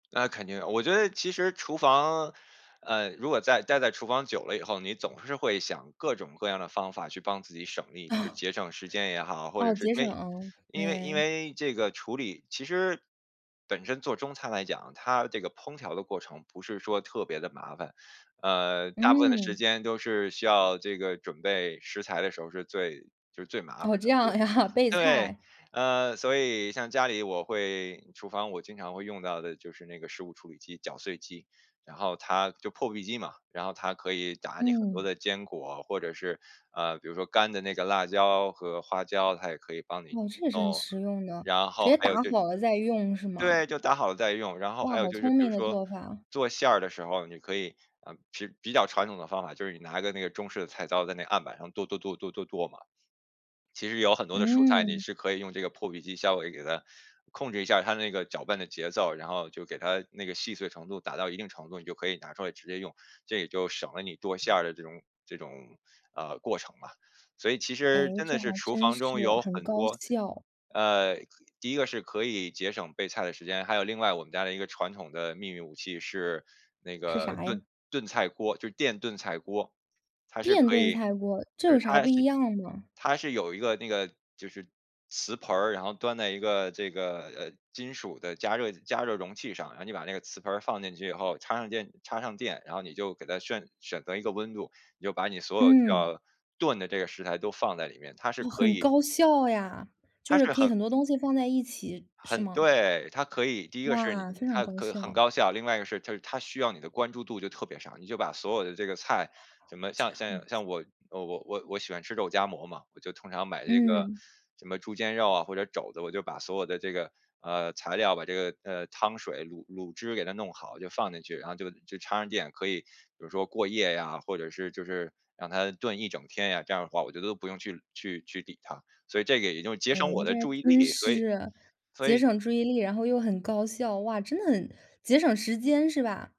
那肯定，我觉得其实厨房呃，如果在呆在厨房久了以后，你总是会想各种各样的方法去帮自己省力，就是 节省时间也好，或者哦，是节因为省，因为因对。为这个处理其实本身做中餐来讲，它这个烹调的过程，不是说特别的麻烦，呃，大部分的时嗯。间都是需要这个准备食材的时候儿是最就是最麻烦哦，的。这对。样呀，备对。菜。呃，所以像家里我会厨房我经常会用到的就是那个食物处理机，搅碎机，然后它就破壁机嘛，然后它可以打你很多嗯。的坚果，或者是呃，比如说干的那个辣椒和花椒，它也可以帮你哦，这也是很弄，实用的，然直后接还有打就是好了再用，是吗？对，就打好了再用，然后还哇，有好就是聪比如明的说做法。做馅儿的时候，你可以呃，其实比较传统的方法，就是你拿个那个中式的菜刀，在那案板上剁剁剁，剁剁剁嘛。其实有很多的蔬菜，你嗯。是可以用这个破壁机稍微给它控制一下它那个搅拌的节奏，然后就给它那个细碎程度打到一定程度，你就可以拿出来直接用，这也就省了你剁馅儿的这种这种，呃，过程嘛，所以其实诶，真这的是还厨真房中是，有很很高多效。呃，第一个是可以节省备菜的时间，还有另外我们家的一个传统的秘密武器是那是个啥呀？炖炖菜锅，就电炖菜锅。它是电可炖以菜锅，这就是有啥它不一是样吗？它是有一个那个就是瓷盆儿，然后端在一个这个，呃，金属的加热加热容器上，然后你把那个磁盆儿放进去以后，插上电插上电，然后你就给它炫选择一个温度，你就把你所有需嗯。要炖的这个食材都放在里面，它是哦，可很以高效呀，就它是是可以很很多东西放在一起，是很吗？对，它可以第一个是哇，非常它高很很效。高效，另外一个是它它需要你的关注度就特别少，你就把所有的这个菜，什么这像样像子。像我呃，我我我喜欢吃肉夹馍嘛，我就通常买这个嗯。什么猪肩肉啊，或者肘子，我就把所有的这个，呃，材料，把这个，呃，汤水，卤卤汁给它弄好，就放进去，然后就就插上电，可以比如说过夜呀，或者是就是让它炖一整天呀，这样儿的话我觉得不用去去去理它，所以这个也就节诶，省我这的还注意真力，所以是，所节以省注意力，然后又很高效，哇，真的很节省时间是吧？